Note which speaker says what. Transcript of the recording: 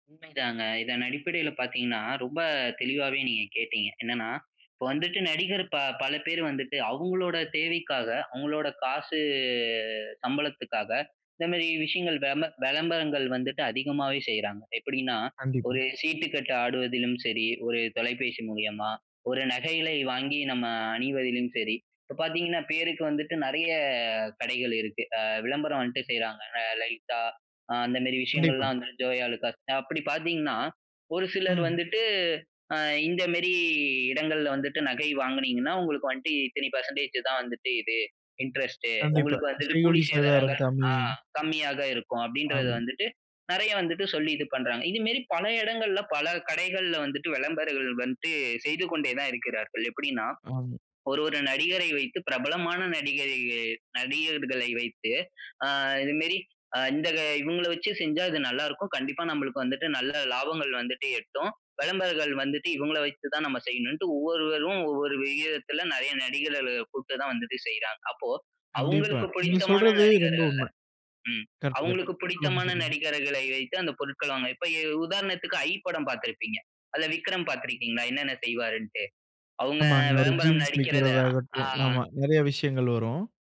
Speaker 1: உண்மைதாங்க, இதன் அடிப்படைல பாத்தீங்கன்னா, ரொம்ப தெளிவாவே நீங்க கேட்டிங்க. என்னென்னா, இப்ப வந்துட்டு நடிகர் ப பலபேர் வந்துட்டு அவங்களோட தேவைக்காக, அவங்களோட காசு சம்பளத்துக்காக, இந்த மாரி விஷயங்கள் வெம்ப விளம்பரங்கள் வந்துட்டு அதிகமாவே செய்றாங்க. எப்டின்னா,
Speaker 2: கண்டிப்பா.
Speaker 1: ஒரு சீட்டுக்கட்டு ஆடுவதிலும் சரி, ஒரு தொலைபேசி மூலியமா. ஒரு நகைகளை வாங்கி நம்ம அணிவதிலும் சரி. இப்ப பார்த்தீங்கன்னா, பேருக்கு வந்துட்டு நெறைய கடைகள் இருக்கு. அ விளம்பரம் வந்துட்டு செய்றாங்க, அ லலிதா, அந்த மாரி
Speaker 2: கண்டிப்பா.
Speaker 1: விஷயங்கள்லாம் வந்துட்டு, ஜோயாலுக்காஸ், அப்டி பாத்தீங்கன்னா, ஒரு சிலர்
Speaker 2: ம்.
Speaker 1: வந்துட்டு, அ இந்த மாரி இடங்கள்ல வந்துட்டு நகை வாங்கினீங்கன்னா, உங்களுக்கு வந்துட்டு இத்தனை பர்சன்டேஜ் தான் வந்துட்டு இது, இன்ட்ரஸ்ட்டு.
Speaker 2: கண்டிப்பா
Speaker 1: உங்களுக்கு வந்துட்டு
Speaker 2: செய்கூலி,
Speaker 1: கூலி
Speaker 2: சேதாரம்
Speaker 1: சேதாரங்கள்,
Speaker 2: கம்மி.
Speaker 1: அ கம்மியாக இருக்கும் அப்டின்றது
Speaker 2: ஆம்.
Speaker 1: வந்துட்டு, நெறைய வந்துட்டு சொல்லி இது பண்றாங்க. இது மாரி பல இடங்கள்ல, பல கடைகள்ல வந்துட்டு வெளம்பரங்கள் வந்துட்டு செய்து கொண்டே தான் இருக்கிறார்கள். எப்டின்னா,
Speaker 2: ஆம்.
Speaker 1: ஒரு ஒரு நடிகரை வைத்து பிரபலமான நடிகரை நடிகர்களை வைத்து, அ இது மாரி இந்த இவங்கள வச்சு செஞ்சா இது நல்லா இருக்கும், கண்டிப்பா நம்மளுக்கு வந்துட்டு நல்ல லாபங்கள் வந்துட்டு எட்டும், வெளம்பரங்கள் வந்துட்டு இவங்கள வைத்து தான் நம்ம செய்யணும்னு ஒவ்வொருவரும் ஒவ்வொரு விகிதத்துல நெறைய நடிகர்கள கூப்ட்டு தான் வந்துட்டு செய்றாங்க. அப்போ
Speaker 2: கண்டிப்பா.
Speaker 1: அவங்களுக்கு
Speaker 2: நீங்க
Speaker 1: புடித்தமான
Speaker 2: சொல்றது ரொம்ப
Speaker 1: நடிகர்கள
Speaker 2: உண்ம.
Speaker 1: ம்,
Speaker 2: கரெக்ட்
Speaker 1: அவங்களுக்கு
Speaker 2: கரெக்ட். சொல்லுங்க
Speaker 1: புடித்தமான
Speaker 2: சொல்லுங்க.
Speaker 1: நடிகர்களை வைத்து அந்த பொருட்களமை இப்ப உதாரணத்துக்கு "ஐ" படம் பார்த்திருப்பீங்க, அதுல விக்ரம் பார்த்ருக்கீங்களா, என்னென்ன செய்வார்னுட்டு. அவங்க
Speaker 2: ஆமாங்க ஒரு
Speaker 1: வெளம்பரம்
Speaker 2: ஜீன்ஸ்
Speaker 1: நடிக்கிறத ஆ
Speaker 2: விற்கிறதாகட்டும், ஆமா
Speaker 1: அ.
Speaker 2: நெறைய விஷயங்கள் வரும்.